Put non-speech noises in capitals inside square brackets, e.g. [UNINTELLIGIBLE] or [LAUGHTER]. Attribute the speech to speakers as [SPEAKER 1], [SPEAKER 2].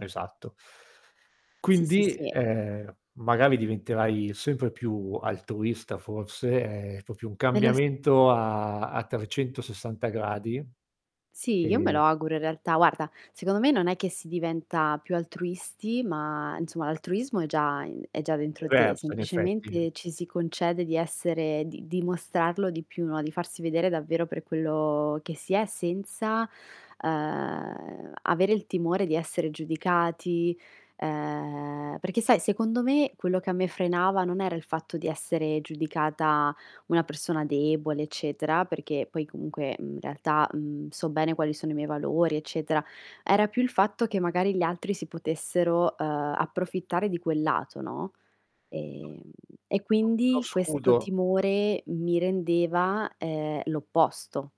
[SPEAKER 1] Esatto.
[SPEAKER 2] Sì, sì,
[SPEAKER 1] Quindi,
[SPEAKER 2] sì.
[SPEAKER 1] ehm, magari diventerai sempre più altruista, forse, è proprio un
[SPEAKER 2] Me lo s
[SPEAKER 1] cambiamento a a 360 gradi.
[SPEAKER 2] Sì, io me
[SPEAKER 1] E
[SPEAKER 2] lo auguro, in realtà guarda, secondo me non è che si diventa più altruisti, ma insomma, l'altruismo è già in è già dentro te.
[SPEAKER 1] Diverso in effetti.
[SPEAKER 2] Semplicemente, ci si concede di essere di dimostrarlo di più, no? Di farsi vedere davvero per quello che si è, senza, ehm, avere il timore di essere giudicati, ehm perché sai secondo me quello che a me frenava non era il fatto di essere giudicata una persona debole eccetera, perché poi comunque, uhm, in realtà, uhm, so bene quali sono i miei valori eccetera, era più il fatto che magari gli altri si potessero, ehm, approfittare di quel lato, no? Ehm e
[SPEAKER 1] [UNINTELLIGIBLE] uno
[SPEAKER 2] quindi questo
[SPEAKER 1] scudo.
[SPEAKER 2] timore mi rendeva, ehm, l'opposto.